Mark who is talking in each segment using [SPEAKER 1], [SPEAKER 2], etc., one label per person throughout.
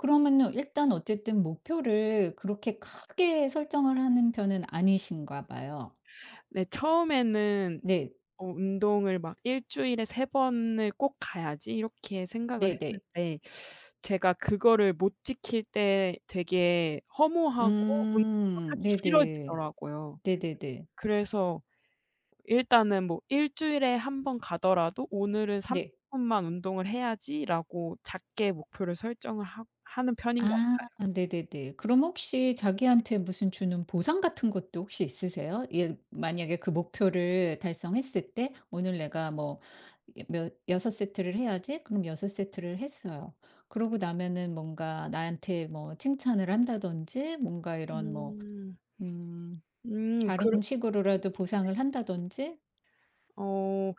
[SPEAKER 1] 그러면은 일단 어쨌든 목표를 그렇게 크게 설정을 하는 편은 아니신가 봐요.
[SPEAKER 2] 네 처음에는
[SPEAKER 1] 네.
[SPEAKER 2] 어 운동을 막 '1 주일에 3 번을 꼭 가야지.' 이렇게 생각을
[SPEAKER 1] 네네.
[SPEAKER 2] 했는데 제가 그거를 못 지킬 때 되게 허무하고 운동을
[SPEAKER 1] 음
[SPEAKER 2] 하기
[SPEAKER 1] 네네.
[SPEAKER 2] 싫어지더라고요.
[SPEAKER 1] 네네네.
[SPEAKER 2] 그래서 일단은 뭐 '1 주일에 1 번 가더라도 오늘은 30
[SPEAKER 1] 네.
[SPEAKER 2] 분만 운동을 해야지.'라고 작게 목표를 설정을 하 하는 편인 것
[SPEAKER 1] 아
[SPEAKER 2] 같아요.
[SPEAKER 1] 네네네. 그럼 혹시 자기한테 무슨 주는 보상 같은 것도 혹시 있으세요? 예 만약에 그 목표를 달성했을 때. '오늘 내가 뭐 몇 6 세트를 해야지.' 그럼 6 세트를 했어요. 그러고 나면은 뭔가 나한테 뭐 칭찬을 한다든지 뭔가 이런 뭐
[SPEAKER 2] 음.
[SPEAKER 1] 음
[SPEAKER 2] 음
[SPEAKER 1] 다른
[SPEAKER 2] 그르
[SPEAKER 1] 식으로라도
[SPEAKER 2] 네.
[SPEAKER 1] 보상을 한다든지.
[SPEAKER 2] 어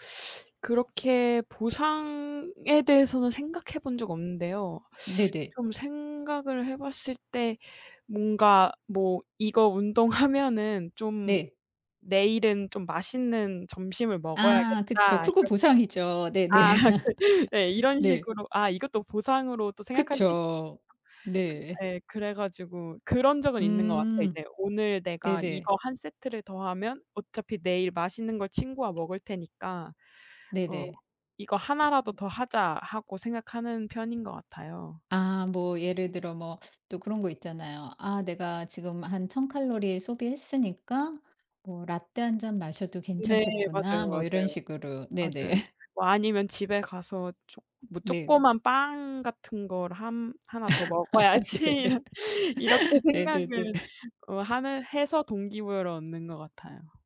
[SPEAKER 2] 그렇게 보상에 대해서는 생각해 본 적 없는데요.
[SPEAKER 1] 네네.
[SPEAKER 2] 좀 생각을 해 봤을 때 뭔가 뭐 '이거 운동하면은 좀
[SPEAKER 1] 네.
[SPEAKER 2] 내일은 좀 맛있는 점심을
[SPEAKER 1] 아 그쵸.
[SPEAKER 2] 먹어야겠다.'
[SPEAKER 1] 그거
[SPEAKER 2] 이렇게
[SPEAKER 1] 보상이죠. 네네.
[SPEAKER 2] 아 그 네. 이런
[SPEAKER 1] 네.
[SPEAKER 2] 식으로 아 이것도 보상으로 또 생각할 수 있
[SPEAKER 1] 그쵸.
[SPEAKER 2] 그
[SPEAKER 1] 네.
[SPEAKER 2] 예. 그래 가지고 그런 적은 있는 것 같아요.
[SPEAKER 1] 음.
[SPEAKER 2] 이제 '오늘 내가
[SPEAKER 1] 네네.
[SPEAKER 2] 이거 1 세트를 더 하면 어차피 내일 맛있는 걸 친구와 먹을 테니까 어
[SPEAKER 1] 네네.
[SPEAKER 2] 이거 1 라도
[SPEAKER 1] 음.
[SPEAKER 2] 더 하자.' 하고 생각하는 편인 것 같아요.
[SPEAKER 1] 아 뭐 예를 들어 뭐 또 그런 거 있잖아요. '아 내가 지금 한 1,000 칼로리 소비했으니까 뭐 라떼 1 잔 마셔도
[SPEAKER 2] 네. 맞아요,
[SPEAKER 1] 괜찮겠구나.' 뭐 이런
[SPEAKER 2] 맞아요.
[SPEAKER 1] 식으로. 네네.
[SPEAKER 2] 맞아요. 뭐 아니면 '집에 가서 쪼
[SPEAKER 1] 네.
[SPEAKER 2] 조그만 빵 같은 걸 한 1 더
[SPEAKER 1] 아
[SPEAKER 2] 먹어야지.'
[SPEAKER 1] 네.
[SPEAKER 2] 이런 이렇게
[SPEAKER 1] 네네네.
[SPEAKER 2] 생각을 어 하는 해서 동기부여를 얻는 것 같아요.